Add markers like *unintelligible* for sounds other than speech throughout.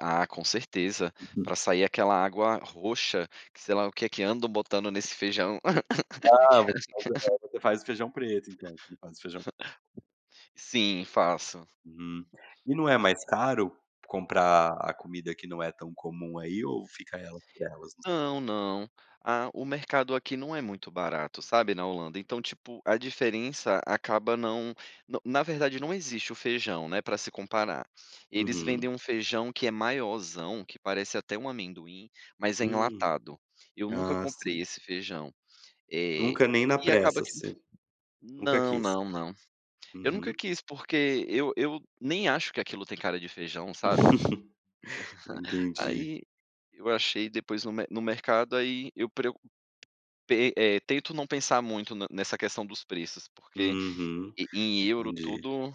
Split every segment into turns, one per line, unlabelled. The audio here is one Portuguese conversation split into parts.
Ah, com certeza, pra sair aquela água roxa, que sei lá, o que que andam botando nesse feijão.
Ah
*laughs*
*unintelligible* você faz o feijão preto então, você faz o feijão pre
*chuckles* Sim, faço.
Hum. E não é mais caro comprar a comida que não é tão comum aí ou ficar ela por elas?
Não, não, a o mercado aqui não é muito barato, sabe, na Holanda, então, tipo, a diferença acaba não no na verdade, não existe o feijão, né, pra se comparar. Eles vendem
Uhum.
um feijão que é maiorzão, que parece até um amendoim, mas é
Hum,
enlatado. Eu nunca
ah,
comprei
sim.
esse feijão. Eh,
Nunca, nem na
e acaba
pressa,
que
assim, nunca
não,
quis.
não, não. Eu nunca
Uhum.
quis, porque eu eu nem acho que aquilo tem cara de feijão, sabe.
*laughs* Entendi.
*chuckles* Aí, eu achei depois no me no mercado, aí, eu preo pe eh, tento não pensar muito no nessa questão dos preços, porque
Uhum.
e em euro
Entendi.
tudo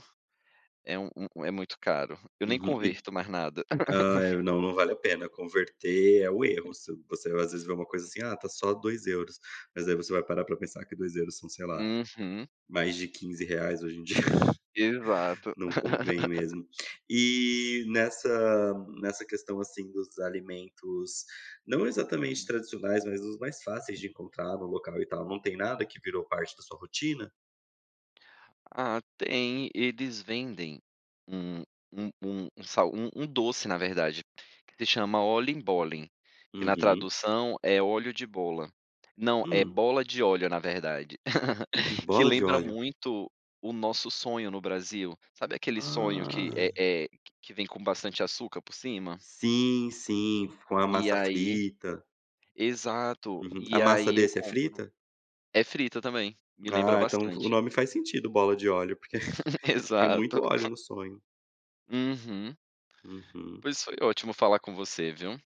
é um um é muito caro, eu nem
Uhum e
converto mais nada.
ah,
*laughs*
é. Não não vale a pena, converter é o erro, se você, às vezes, vê uma coisa assim:
Uhum.
"Ah, está só 2 euros, mas aí você vai parar para pensar: "Que 2 euros são, sei lá,
Uhum.
mais de 15 reais hoje em dia. *chuckles*
Exato.
Não convém
*laughs*
mesmo. E nessa nessa questão, assim, dos alimentos, não exatamente
Uhum.
tradicionais, mas os mais fáceis de encontrar, no local e tal, não tem nada que virou parte da sua rotina?
Ah tem, eles vendem um um um sal um um doce na verdade, que se chama Oliebollen, que na
Uhum.
tradução é óleo de bola. Não, é
Hum?
bola de óleo, na verdade, *laughs* que
Bola de
lembra
óleo.
muito o nosso sonho no Brasil. Sabe aquele sonho que é
Ah.
é que vem com bastante açúcar por cima?
Sim, sim, com a
E
massa
aí
frita.
exato,
A
e
massa
aí eu
desse é
compro.
frita?
É frito também; me lembra
Ah, então o
bastante.
nome faz sentido, bola de óleo, porque
*laughs*
*chuckles* tem muito
Exato.
óleo
*chuckles*
no sonho.
Uhum.
Uhum.
Pois foi ótimo falar com você, viu?